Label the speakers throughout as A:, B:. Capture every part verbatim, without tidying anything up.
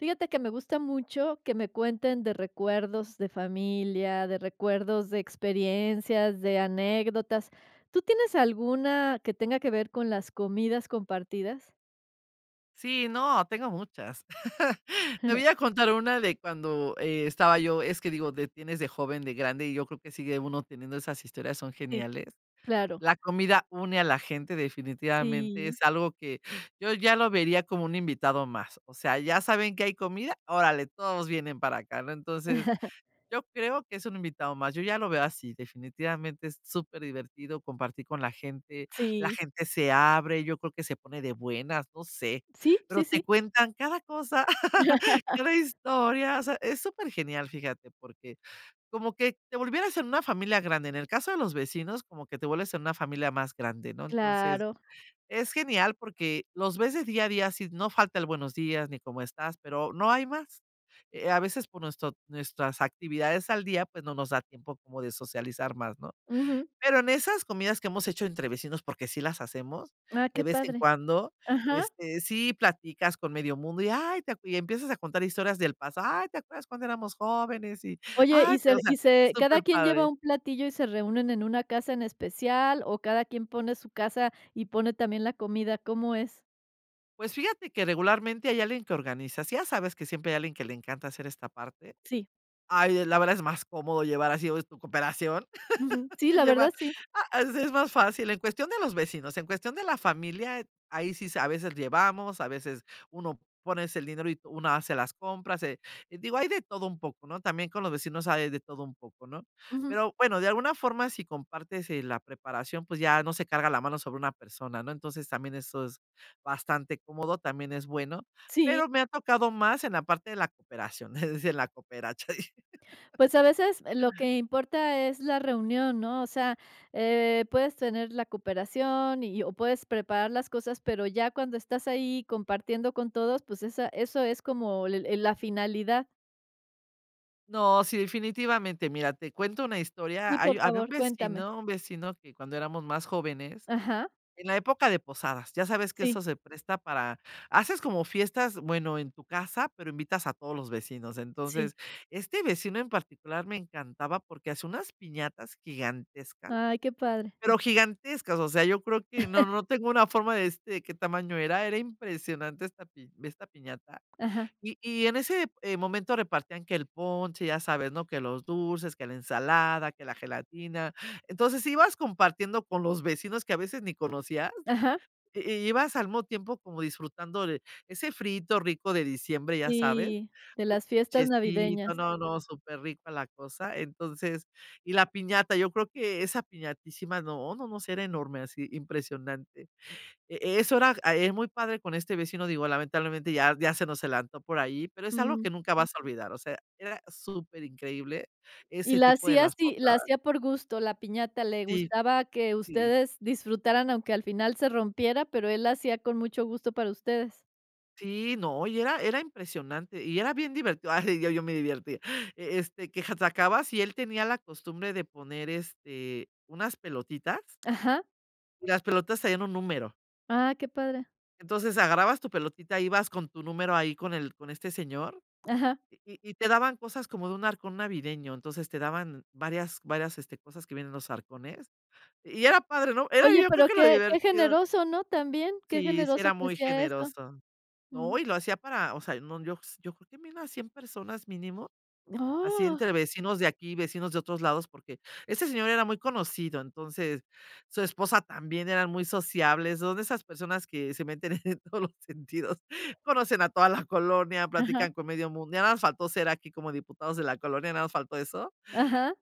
A: Fíjate que me gusta mucho que me cuenten de recuerdos de familia, de recuerdos de experiencias, de anécdotas, ¿tú tienes alguna que tenga que ver con las comidas compartidas?
B: Sí, no, tengo muchas. Te voy a contar una de cuando estaba yo, es que digo, de tienes de joven, de grande, y yo creo que sigue uno teniendo esas historias, son
A: Sí.
B: geniales.
A: Claro.
B: La comida une a la gente definitivamente,
A: Sí.
B: es algo que, yo ya lo vería como un invitado más, o sea, ya saben que hay comida, órale todos vienen para acá ¿no?, entonces, yo creo que es un invitado más, yo ya lo veo así definitivamente, es superdivertido compartir con la gente, la
A: Sí.
B: gente se abre, yo creo que se pone de buenas, no sé,
A: Sí,
B: pero
A: sí,
B: te
A: sí.
B: cuentan cada cosa, cada historia, o sea, es supergenial, fíjate porque, como que te volvieras en una familia grande, en el caso de los vecinos, como que te vuelves en una familia más grande, ¿no?, entonces,
A: Claro.
B: es genial porque los ves de día a día, sí, no falta el buenos días, ni cómo estás, pero no hay más, eh, a veces por nuestro nuestras actividades al día, pues, no nos da tiempo como de socializar más, ¿no?,
A: Ujú.
B: pero en esas comidas que hemos hecho entre vecinos, porque sí las hacemos,
A: Ah,
B: de
A: qué
B: vez en
A: padre.
B: cuando,
A: Ajá.
B: este, sí platicas con medio mundo, y: "Ay, te acue", y empiezas a contar historias del pasado, "Ay te acuerdas cuando éramos jóvenes", y,
A: Oye
B: "ay"
A: y se
B: o sea,
A: y se ¿cada quien lleva
B: superpadre.
A: un platillo y se reúnen en una casa en especial o cada quien pone su casa y pone también la comida? ¿Cómo es?
B: Pues, fíjate que regularmente hay alguien que organiza, si ya sabes que siempre hay alguien que le encanta hacer esta parte,
A: Sí.
B: ay es la verdad es más cómodo llevar así, o es tu cooperación,
A: Ujú. Sí,
B: que
A: la
B: llevar
A: verdad, sí.
B: ah, así es más fácil, en cuestión de los vecinos, en cuestión de la familia, ahí sí s a veces llevamos, a veces uno pones el dinero y una hace las compras, eh, digo hay de todo un poco, ¿no?, también con los vecinos hay de todo un poco, ¿no?,
A: Ujú.
B: pero bueno, de alguna forma si compartes, eh, la preparación, pues ya no se carga la mano sobre una persona, ¿no?, entonces, también eso es bastante cómodo, también es bueno,
A: Sí.
B: pero me ha tocado más en la parte de la cooperación, es decir, la coperacha.
A: Pues, a veces lo que importa es la reunión, ¿no?, o sea, eh, puedes tener la cooperación y o puedes preparar las cosas, pero ya cuando estás ahí compartiendo con todos, pues, esa eso es como el la finalidad.
B: No, sí, definitivamente, mira, te cuento una historia,
A: Sí, por
B: hay había un
A: favor, cuéntame.
B: vecino un vecino que cuando éramos más jóvenes,
A: Ajá.
B: en la época de posadas, ya sabes que
A: Sí.
B: eso se presta para haces como fiestas, bueno, en tu casa, pero invitas a todos los vecinos,
A: Sí.
B: entonces, este vecino en particular me encantaba porque hacía unas piñatas gigantescas,
A: Ay, qué padre.
B: pero gigantescas, o sea, yo creo que no no tengo una forma de decirte de qué tamaño era, era impresionante esta pi esta piñata,
A: Ajá.
B: y y en ese, eh, momento repartían que el ponche, ya sabes, ¿no?, que los dulces, que la ensalada, que la gelatina, entonces, ibas compartiendo con los vecinos que a veces ni conocías,
A: Ajá.
B: i ibas al mismo tiempo como disfrutando de ese friíto rico de diciembre, ya sabes,
A: Sí, de
B: el
A: las fiestas
B: ponchecito,
A: navideñas.
B: no, no, superrico la cosa, entonces, y la piñata, yo creo que esa piñatísima no, no, no, sí era enorme así impresionante, e eso era era muy padre con este vecino, digo, lamentablemente ya ya se nos adelantó por ahí, pero es algo
A: Mm.
B: que nunca vas a olvidar, o sea, era superincreíble,
A: Y
B: ese
A: la
B: tipo de
A: hacía
B: las
A: así la
B: posadas.
A: hacía por gusto, la piñata, le
B: Sí.
A: gustaba que
B: Sí.
A: ustedes disfrutaran, aunque al final se rompiera, pero él la hacía con mucho gusto para ustedes.
B: Sí, no, y era era impresionante y era bien divertido, ay, yo yo me divertía, e este, qué [unintelligible] y si él tenía la costumbre de poner, este, unas pelotitas.
A: Ajá.
B: Y las pelotas traían un número.
A: Ah, qué padre.
B: Entonces, agarrabas tu pelotita, ibas con tu número ahí con el con este señor,
A: Ajá.
B: y y te daban cosas como de un arcón navideño, entonces te daban varias varias este cosas que viene en los arcones y era padre, ¿no? Era
A: Oye,
B: yo creo
A: pero
B: que lo
A: que que
B: divertido.
A: generoso, ¿no?, también, que
B: Sí sí
A: generoso
B: era
A: que
B: muy
A: hacia eso,
B: generoso, no
A: mm.
B: y lo hacía para, o sea, no, yo yo creo que había unas cien personas mínimo, así
A: Oh.
B: entre vecinos de aquí, vecinos de otros lados, porque ese señor era muy conocido, entonces, su esposa también, eran muy sociables, son de esas personas que se meten en todos los sentidos, conocen a toda la colonia,
A: Ajá.
B: platican con medio mundo, ya nada más faltó ser aquí como diputados de la colonia, nada más faltó eso.
A: Ajá.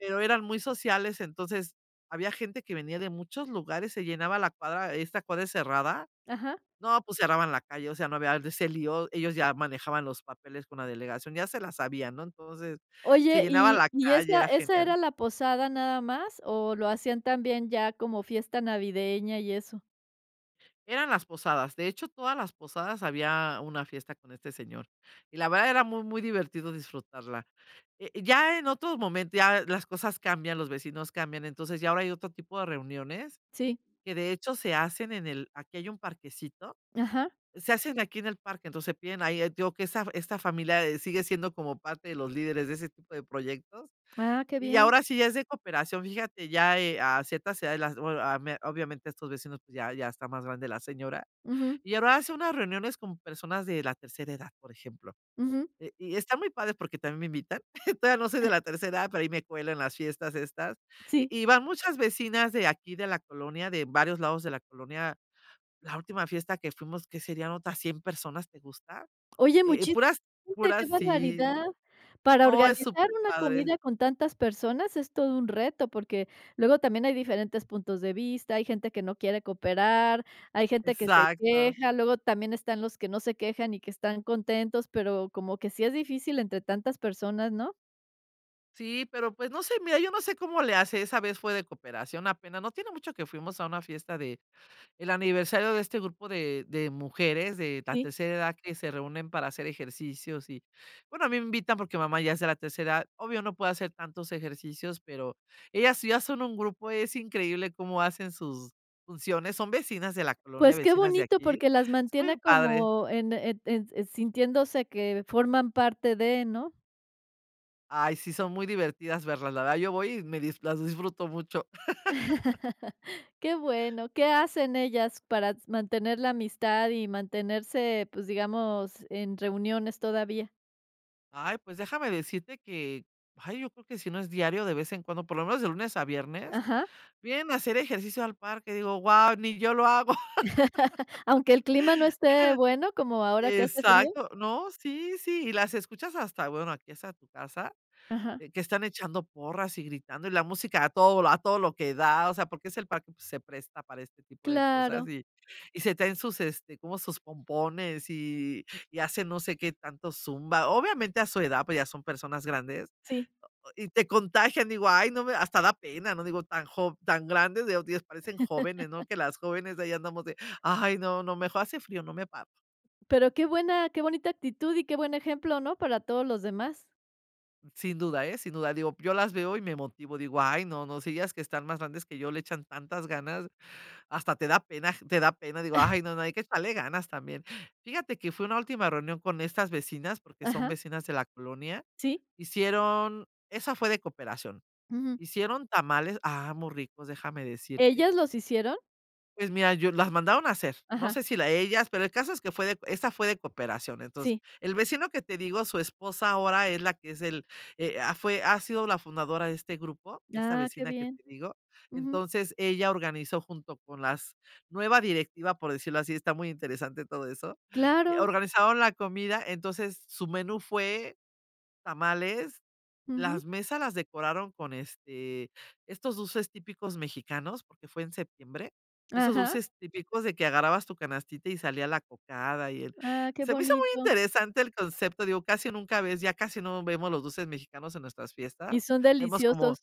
B: Pero eran muy sociales, entonces había gente que venía de muchos lugares, se llenaba la cuadra, esta cuadra es cerrada,
A: Ajá.
B: no, pues cerraban la calle, o sea, no había de ese lío, ellos ya manejaban los papeles con la delegación, ya se las sabían, ¿no?, entonces se
A: ¿Oye,
B: llenaba
A: y
B: la
A: y
B: calle,
A: esa
B: era
A: esa
B: genial.
A: era la posada nada más o lo hacían también ya como fiesta navideña y eso?
B: Eran las posadas, de hecho, todas las posadas había una fiesta con este señor y, la verdad, era muy, muy divertido disfrutarla, eh, ya en otro momento, ya las cosas cambian, los vecinos cambian, entonces, ya ahora hay otro tipo de reuniones
A: Sí.
B: que, de hecho, se hacen en el aquí hay un parquecito,
A: Ajá.
B: se hacen aquí en el parque. Entonces, se piden ahí eh, te digo que esta fa esta familia, eh, sigue siendo como parte de los líderes de ese tipo de proyectos,
A: Ah, qué
B: y
A: bien.
B: ahora sí, ya es de cooperación. Fíjate ya, eh, a ciertas edades, las bue ah, me obviamente, estos vecinos, pues, ya ya está más grande la señora,
A: Ujú.
B: y ahora hace unas reuniones con personas de la tercera edad, por ejemplo,
A: Ujú.
B: eh, y está muy padre, porque también me invitan, todavía no soy de la tercera edad, pero ahí me cuelo en las fiestas estas. Y
A: Sí.
B: y van muchas vecinas de aquí de la colonia, de varios lados de la colonia. La última fiesta que fuimos, ¿qué serían?, otras cien personas, ¿te gusta?
A: Oye,
B: Eh eh,
A: muchísima
B: puras
A: gente, qué
B: puras sí.
A: barbaridad. Para
B: No, es
A: organizar
B: súper
A: una
B: padre.
A: comida con tantas personas, es todo un reto, porque luego también hay diferentes puntos de vista, hay gente que no quiere cooperar, hay gente que se
B: Exacto.
A: queja, luego también están los que no se quejan y que están contentos. Pero como que sí es difícil entre tantas personas, ¿no?
B: Sí, pero, pues, no sé, mira, yo no sé cómo le hace, esa vez fue de cooperación, apenas no tiene mucho que fuimos a una fiesta del aniversario de este grupo de de mujeres de la
A: Sí.
B: tercera edad que se reúnen para hacer ejercicios, y, bueno, a mí me invitan porque mamá ya sea la tercera. Obvio, no puede hacer tantos ejercicios, pero ellas sí ya son un grupo, es increíble cómo hacen sus funciones. Son vecinas de la colonia,
A: Pues, qué
B: vecinas de
A: bonito
B: aquí.
A: porque las
B: Es
A: mantiene
B: muy padre.
A: como en e en sintiéndose que forman parte de, ¿no?
B: Ay, sí, son muy divertidas verlas, la verdad yo voy y me dis las disfruto mucho.
A: Qué bueno, ¿qué hacen ellas para s mantener la amistad y mantenerse, pues, digamos, en reuniones todavía?
B: Ay, pues déjame decirte que, ay yo creo que si no es diario, de vez en cuando por lo menos de lunes a viernes,
A: Ajá.
B: vienen a hacer ejercicio al parque, digo: "Wao ni yo lo hago".
A: ¿Aunque el clima no esté bueno, como ahora que hace frío?
B: Exacto. No, sí, sí, y las escuchas hasta bueno, aquí hasta tu casa,
A: Ajá.
B: eh, que están echando porras y gritando y la música a todo vol a todo lo que da. O sea, porque es el parque, pues, se presta para este tipo de cosas
A: Claro.
B: y y se traen sus este, como sus pompones y y hacen no sé qué tanto zumba. Obviamente, a su edad, pues, ya son personas grandes,
A: Sí.
B: y te contagian. Digo: "Ay, no me hasta da pena", ¿no?, digo: "Tan jov tan grandes digo Dios parecen jóvenes", no que las jóvenes de ahí andamos de: "Ay, no, no, me hace frío, no me paro".
A: Pero qué buena, qué bonita actitud y qué buen ejemplo, ¿no?, para todos los demás.
B: Sin duda, ¿eh?, sin duda. Digo, yo las veo y me motivo, digo: "Ay, no, no, si ellas que están más grandes que yo le echan tantas ganas". Hasta te da pena aj te da pena. Digo: "Ay, no, no, hay que echarle ganas también". Fíjate que fui a una última reunión con estas vecinas, porque son
A: Ajá.
B: vecinas de la colonia,
A: Sí.
B: hicieron esa fue de cooperación,
A: Ujú.
B: hicieron tamales ¡ah! Muy ricos, déjame decirte.
A: ¿Ellas los hicieron?
B: Pues, mira, yo las mandaron a hacer, no
A: Ajá.
B: sé si la ellas, pero el caso es que fue de esta fue de cooperación. Entonces,
A: Sí.
B: el vecino que te digo, su esposa ahora es la que es el, eh, ah, fue ha sido la fundadora de este grupo, esta
A: Ah, qué
B: vecina que
A: bien.
B: te digo.
A: Ujú.
B: Entonces, ella organizó junto con las nueva directiva, por decirlo así, está muy interesante todo eso.
A: Claro.
B: Organizaron la comida, entonces, su menú fue tamales.
A: Ujú.
B: Las mesas las decoraron con, este, estos dulces típicos mexicanos, porque fue en septiembre, esos
A: Ajá.
B: dulces típicos de que agarrabas tu canastita y salía la cocada, y el
A: Ah, qué
B: se me hizo muy
A: bonito.
B: interesante el concepto, digo, casi nunca ves ya casi no vemos los dulces mexicanos en nuestras fiestas,
A: Y son
B: vemos como
A: deliciosos.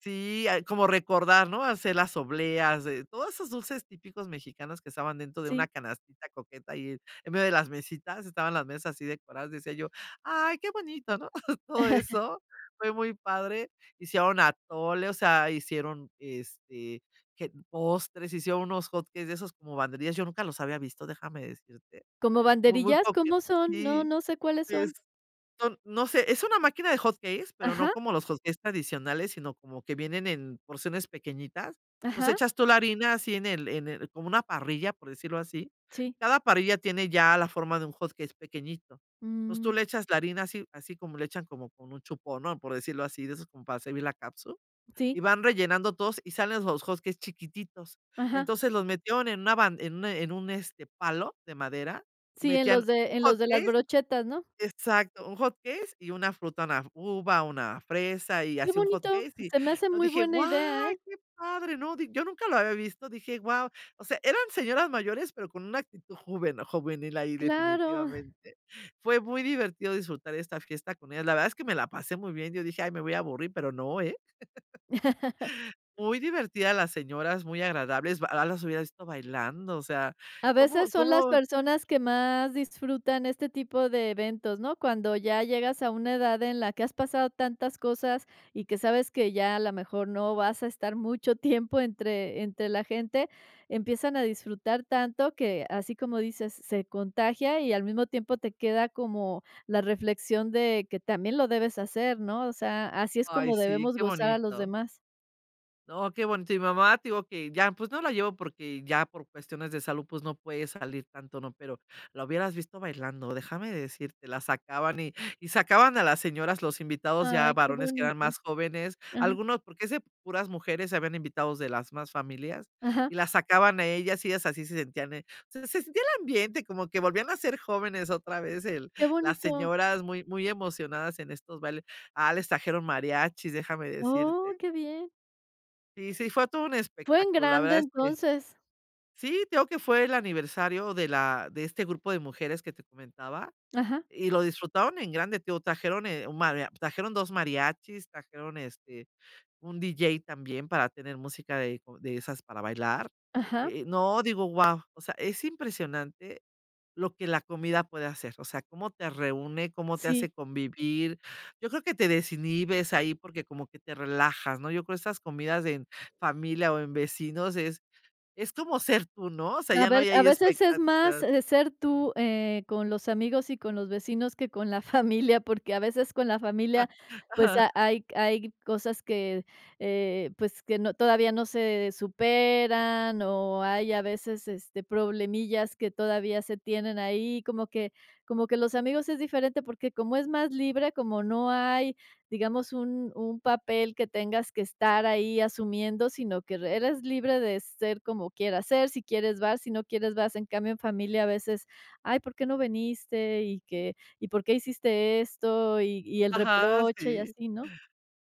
B: si hay como recordar, ¿no? Hacer las obleas de todos esos dulces típicos mexicanos que estaban dentro de una
A: Sí.
B: canastita coqueta, ahí en medio de las mesitas, estaban las mesas así decoradas, decía yo: "Ay, qué bonito", ¿no? Todo eso fue muy padre. Hicieron atole, o sea, hicieron, este, que postres, hicieron unos hot cakes de esos como banderillas, yo nunca los había visto, déjame decirte.
A: ¿Cómo
B: Muy, muy
A: banderillas?
B: coqueto
A: ¿Cómo son? No,
B: sí,
A: no sé cuáles
B: y
A: son.
B: es son no sé, es una máquina de hot cakes, pero no
A: Ajá.
B: como los hot cakes tradicionales, sino como que vienen en porciones pequeñitas, entonces,
A: Ajá.
B: echas tú la harina así en el en el como una parrilla, por decirlo así,
A: Sí.
B: cada parrilla tiene ya la forma de un hot cakes pequeñito. Entonces, tú
A: Mm.
B: le echas la harina así así como le echan como con un chupón, ¿no?, por decirlo así, de esos como para servir la catsup, y
A: Sí.
B: van rellenando todos, y salen los hot cakes chiquititos.
A: Ajá.
B: Entonces, los metieron en una ban en un en un, este, palo de madera y
A: Sí, en
B: metían
A: los de
B: un
A: en
B: hot
A: los de las
B: cakes
A: brochetas, ¿no?
B: exacto. Un hot cakes y una fruta, una f uva, una fresa y
A: Qué
B: así un hot
A: bonito,
B: cake, y
A: se me hace
B: no,
A: muy
B: dije:
A: buena
B: "Guau,
A: idea, ¿eh?
B: qué padre". No di yo nunca lo había visto, dije: "guau". O sea, eran señoras mayores, pero con una actitud juven juvenil ahí,
A: Claro.
B: definitivamente. Fue muy divertido disfrutar esta fiesta con ellas, la verdad, es que me la pasé muy bien, yo dije: "Ay me voy a aburrir", pero no, ¿eh? Muy divertidas las señoras, muy agradables, ba ah, las hubieras visto bailando, o sea,
A: A
B: cómo
A: veces son las
B: cómo
A: personas que más disfrutan este tipo de eventos, ¿no? Cuando ya llegas a una edad en la que has pasado tantas cosas y que sabes que ya, a la mejor, no vas a estar mucho tiempo entre entre la gente, empiezan a disfrutar tanto que, así como dices, se contagia y, al mismo tiempo, te queda como la reflexión de que también lo debes hacer, ¿no? O sea, así es
B: Ay,
A: como
B: sí,
A: debemos
B: qué
A: gozar a los
B: bonito.
A: demás.
B: No, qué bonito. Y mi mamá, te digo que ya, pues, no la llevo, porque ya por cuestiones de salud, pues, no puede salir tanto, ¿no? Pero, la hubieras visto bailando, déjame decirte, la sacaban y y sacaban a las señoras, los invitados, ya
A: ¡Ay, qué
B: varones que eran
A: bonito!
B: más jóvenes,
A: Ajá.
B: algunos, porque es de puras mujeres, habían invitados de las mismas familias. Y
A: Ajá.
B: las sacaban a ellas y ellas así se sentían, eh, se se sentía el ambiente, como que volvían a ser jóvenes otra vez el
A: ¡Qué
B: las
A: bonito!
B: señoras muy muy emocionadas en estos bailes. Ah, les trajeron mariachis, déjame
A: ¡Oh,
B: decirte.
A: qué bien!
B: Y sí, fue todo un
A: Fue en
B: espectáculo, la
A: grande
B: verdad es que
A: entonces.
B: Sí, te digo que fue el aniversario de la de este grupo de mujeres que te comentaba
A: Ajá.
B: y lo disfrutaron en grande. Te digo, trajeron, eh, un maria trajeron dos mariachis, trajeron, este, un DJ también para tener música de como de esas para bailar,
A: Ajá.
B: eh eh, no digo: "Guau". O sea, es impresionante lo que la comida puede hacer, o sea, cómo te reúne, cómo te
A: Sí.
B: hace convivir, yo creo que te desinhibes ahí, porque como que te relajas, ¿no?, yo creo esas comidas de en familia o en vecinos es es como ser tú ¿no?, o sea,
A: A
B: ya no
A: ver,
B: hay
A: a
B: ahí
A: veces es más,
B: expectativas.
A: eh, de ser tú, eh, con los amigos y con los vecinos que con la familia, porque, a veces, con la familia, pues,
B: Ajá.
A: ha hay hay cosas que, eh, pues, que no todavía no se superan, o hay, a veces, este, problemillas que todavía se tienen ahí, como que como que los amigos es diferente, porque como es más libre, como no hay, digamos, un un papel que tengas que estar ahí asumiendo, sino que re eres libre de ser como quieras ser, si quieres vas, si no quieres vas, en cambio en familia a veces: "Ay, ¿por qué no viniste? ¿Y qué y por qué hiciste esto?". Y y el
B: Ajá,
A: reproche y
B: sí.
A: así, ¿no?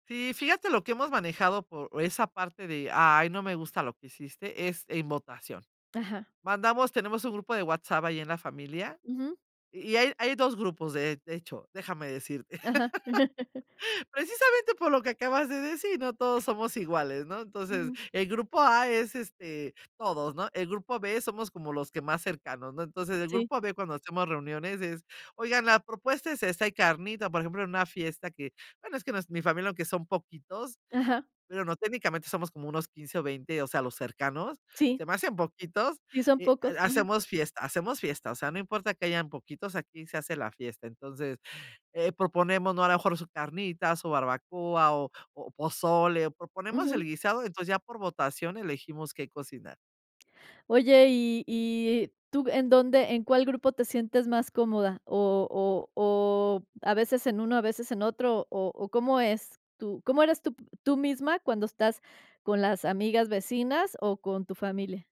B: Sí, fíjate lo que hemos manejado por esa parte de: "Ay, no me gusta lo que hiciste", es en votación.
A: Ajá.
B: Mandamos tenemos un grupo de WhatsApp ahí en la familia,
A: Ujú.
B: y y hay hay dos grupos de de hecho, déjame decirte,
A: Ajá.
B: precisamente por lo que acabas de decir: "No todos somos iguales", ¿no? Entonces,
A: Ujú.
B: el grupo A es, este, todos, ¿no?, el grupo B, somos como los que más cercanos, ¿no? Entonces el
A: Sí.
B: grupo B cuando hacemos reuniones es: "Oigan, la propuesta es esta, hay carnita", por ejemplo, en una fiesta que bueno, es que no es mi familia, aunque son poquitos
A: Ajá.
B: bueno, no técnicamente, somos como unos quince o veinte, o sea, los cercanos, se
A: Sí.
B: me hacen poquitos
A: Sí, son
B: y
A: pocos.
B: ha
A: Ujú.
B: hacemos fiesta hacemos fiesta, o sea, no importa que hayan poquitos, aquí se hace la fiesta. Entonces, eh, proponemos, ¿no?, a lo mejor, su carnita, su barbacoa o o pozole, o proponemos
A: Ujú.
B: el guisado, entonces ya por votación elegimos qué cocinar.
A: Oye, ¿y-y tú en dónde en cuál grupo te sientes más cómoda? ¿0 o o a veces en uno, a veces en otro? ¿O o cómo es tú cómo eres tú tú misma cuando estás con las amigas, vecinas o con tu familia?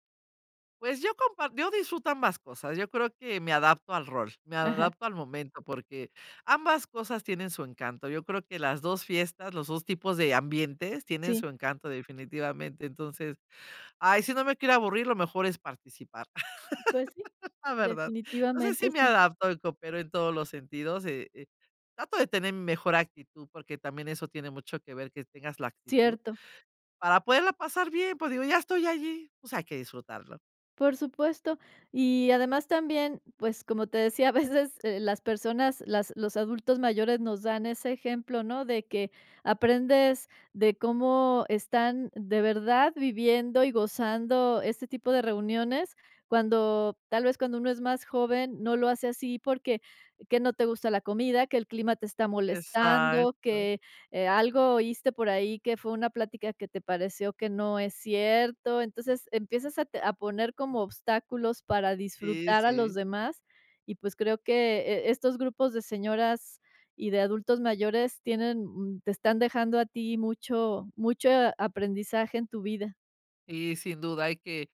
B: Pues, yo compar yo disfruto ambas cosas. Yo creo que me adapto al rol, me
A: Ajá.
B: adapto al momento, porque ambas cosas tienen su encanto. Yo creo que las dos fiestas, los dos tipos de ambientes tienen
A: Sí.
B: su encanto, definitivamente. Entonces, ay, si no me quiero aburrir, lo mejor es participar,
A: Pues sí,
B: la verdad. No sé
A: definitivamente
B: si me
A: sí.
B: adapto y coopero en todos los sentidos y, eh, trato de tener mejor actitud, porque también eso tiene mucho que ver, que tengas la actitud
A: Cierto.
B: para poderla pasar bien. Pues digo, ya estoy allí, o sea, hay que disfrutarlo.
A: Por supuesto y, además, también, pues, como te decía, a veces, eh, las personas, las los adultos mayores nos dan ese ejemplo, ¿no?, de que aprendes de cómo están de verdad viviendo y gozando este tipo de reuniones, cuando, tal vez, cuando uno es más joven no lo hace así, porque, que no te gusta la comida, que el clima te está molestando,
B: Exacto.
A: que, eh, algo oíste por ahí, que fue una plática que te pareció que no es cierto. Entonces, empiezas a te a poner como obstáculos para
B: Sí,
A: disfrutar a
B: sí.
A: los demás y, pues, creo que, eh, estos grupos de señoras y de adultos mayores tienen, mm, te están dejando a ti mucho mucho a aprendizaje en tu vida.
B: Sí sin duda hay que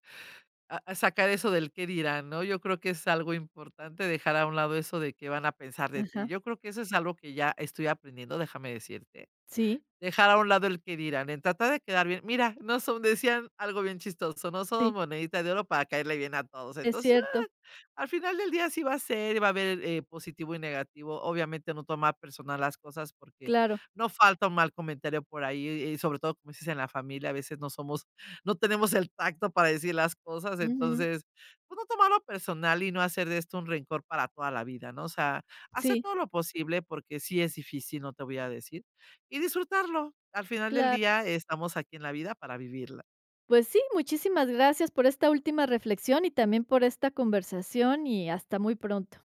B: ah, sacar eso del qué dirán, ¿no? Yo creo que es algo importante dejar a un lado eso de qué van a pensar de ti.
A: Ajá.
B: Yo creo que eso es algo que ya estoy aprendiendo, déjame decirte.
A: Sí.
B: Dejar a un lado el qué dirán, en tratar de quedar bien. Mira, no son decían algo bien chistoso: "No somos
A: Sí.
B: monedita de oro para caerle bien a todos".
A: Es
B: Entonces, ah,
A: cierto.
B: al final del día así va a ser y va a haber el, eh, positivo y negativo. Obviamente, no tomar personal las cosas porque
A: Claro.
B: no falta un mal comentario por ahí y y sobre todo, como dices, en la familia, a veces, no somos no tenemos el tacto para decir las cosas.
A: Ujú.
B: Entonces, pues, no tomarlo personal y no hacer de esto un rencor para toda la vida, ¿no? O sea, hacer
A: Sí.
B: todo lo posible, porque sí es difícil, no te voy a decir, y disfrutarlo. Al final del
A: Cla
B: día, estamos aquí en la vida para vivirla.
A: Pues sí, muchísimas gracias por esta última reflexión y también por esta conversación y hasta muy pronto.